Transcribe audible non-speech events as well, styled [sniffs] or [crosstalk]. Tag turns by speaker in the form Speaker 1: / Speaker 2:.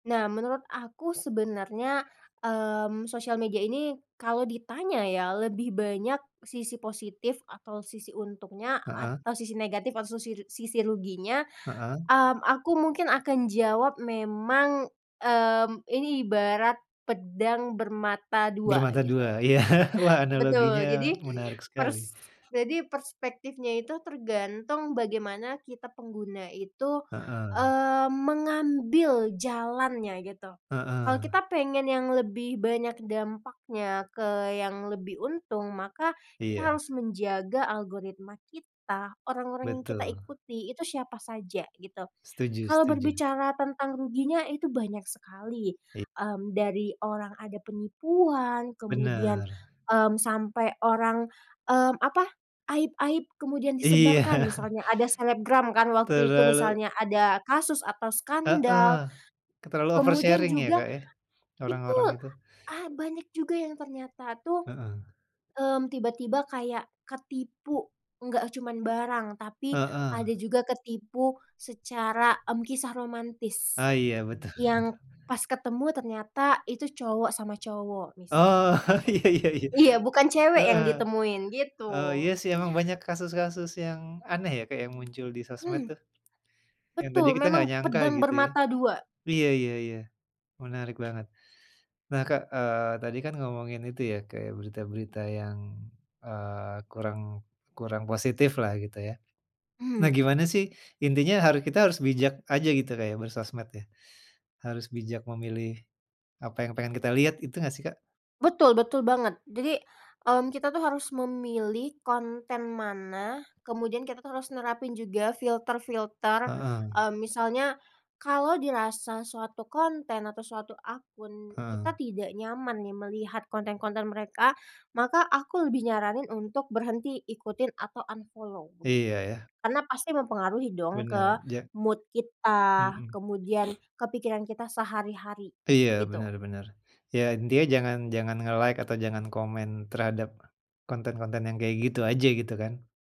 Speaker 1: Nah, menurut aku sebenarnya, mmm, sosial media ini kalau ditanya ya, lebih banyak sisi positif atau sisi untungnya
Speaker 2: Heeh.
Speaker 1: atau sisi negatif atau sisi ru sisi ruginya,
Speaker 2: Heeh.
Speaker 1: hmm, aku mungkin akan jawab memang, hmm, ini ibarat pedang bermata dua,
Speaker 2: Bermata
Speaker 1: gitu.
Speaker 2: dua, iya. Wah,
Speaker 1: Betul,
Speaker 2: analoginya
Speaker 1: jadi,
Speaker 2: menarik sekali.
Speaker 1: pers jadi perspektifnya itu tergantung bagaimana kita pengguna itu,
Speaker 2: Heeh.
Speaker 1: eee, mengambil jalannya gitu. Kalau
Speaker 2: Heeh.
Speaker 1: kita pengen yang lebih banyak dampaknya ke yang lebih untung, maka kita
Speaker 2: Iya.
Speaker 1: harus menjaga algoritma kita, orang-orang yang kita
Speaker 2: Betul.
Speaker 1: ikuti, itu siapa saja gitu.
Speaker 2: Setuju
Speaker 1: Kalau
Speaker 2: setuju.
Speaker 1: berbicara tentang ruginya itu banyak sekali,
Speaker 2: I
Speaker 1: hmm, dari orang ada penipuan, kemudian,
Speaker 2: Bener.
Speaker 1: hmm, sampai orang, hmm, apa, aib-aib kemudian
Speaker 2: Iya.
Speaker 1: disebarkan
Speaker 2: [chuckles]
Speaker 1: misalnya ada selebgram kan waktu itu
Speaker 2: Terlalu.
Speaker 1: misalnya ada kasus atau skandal,
Speaker 2: Heeh, ke terlalu over
Speaker 1: kemudian
Speaker 2: sharing ya
Speaker 1: juga,
Speaker 2: Kak ya, orang-orang
Speaker 1: betul,
Speaker 2: itu.
Speaker 1: ah, banyak juga yang ternyata tuh,
Speaker 2: Heeh.
Speaker 1: hmm, tiba-tiba kayak ketipu enggak cuman barang, tapi
Speaker 2: Heeh.
Speaker 1: ada juga ketipu secara, hmm, kisah romantis,
Speaker 2: Ah, iya betul betul.
Speaker 1: yang pas ketemu ternyata itu cowok sama cowok
Speaker 2: Oh,
Speaker 1: misalnya.
Speaker 2: iya iya iya,
Speaker 1: Iya, bukan cewek yang
Speaker 2: heeh,
Speaker 1: ditemuin,
Speaker 2: oh
Speaker 1: gitu.
Speaker 2: iya sih, emang
Speaker 1: Nah.
Speaker 2: banyak kasus-kasus yang aneh ya kayak muncul di sosmed
Speaker 1: Hmm.
Speaker 2: tuh. Yang tadi
Speaker 1: Betul,
Speaker 2: kita enggak
Speaker 1: memang
Speaker 2: nyangka
Speaker 1: pedang
Speaker 2: gitu ya.
Speaker 1: bermata dua.
Speaker 2: Iya iya iya, menarik banget, nah, Kak, eee, tadi kan ngomongin itu ya kayak berita-berita yang, eee, kurang kurang positif lah gitu ya. Nah,
Speaker 1: Mmm.
Speaker 2: gimana sih, intinya haru kita harus bijak aja gitu Kak ya bersosmed ya, harus bijak memilih, apa yang pengen kita lihat, itu enggak sih Kak?
Speaker 1: Betul betul banget. Jadi, hmm, kita tuh harus memilih konten mana, kemudian kita tuh harus nerapin juga filter-filter,
Speaker 2: Heeh.
Speaker 1: eee, misalnya, kalau dirasa suatu konten atau suatu akun,
Speaker 2: Heeh.
Speaker 1: kita tidak nyaman nih melihat konten-konten mereka, maka aku lebih nyaranin untuk berhenti ikutin atau unfollow, begitu.
Speaker 2: Iya, ya.
Speaker 1: Karena pasti mempengaruhi dong, ke
Speaker 2: Bener, ja
Speaker 1: mood kita,
Speaker 2: Mhm.
Speaker 1: kemudian
Speaker 2: [sniffs]
Speaker 1: ke pikiran kita sehari-hari,
Speaker 2: Iya
Speaker 1: begitu.
Speaker 2: benar benar. Iya intinya jangan jangan nge-like atau jangan komen terhadap, konten-konten yang kayak gitu aja, gitu kan.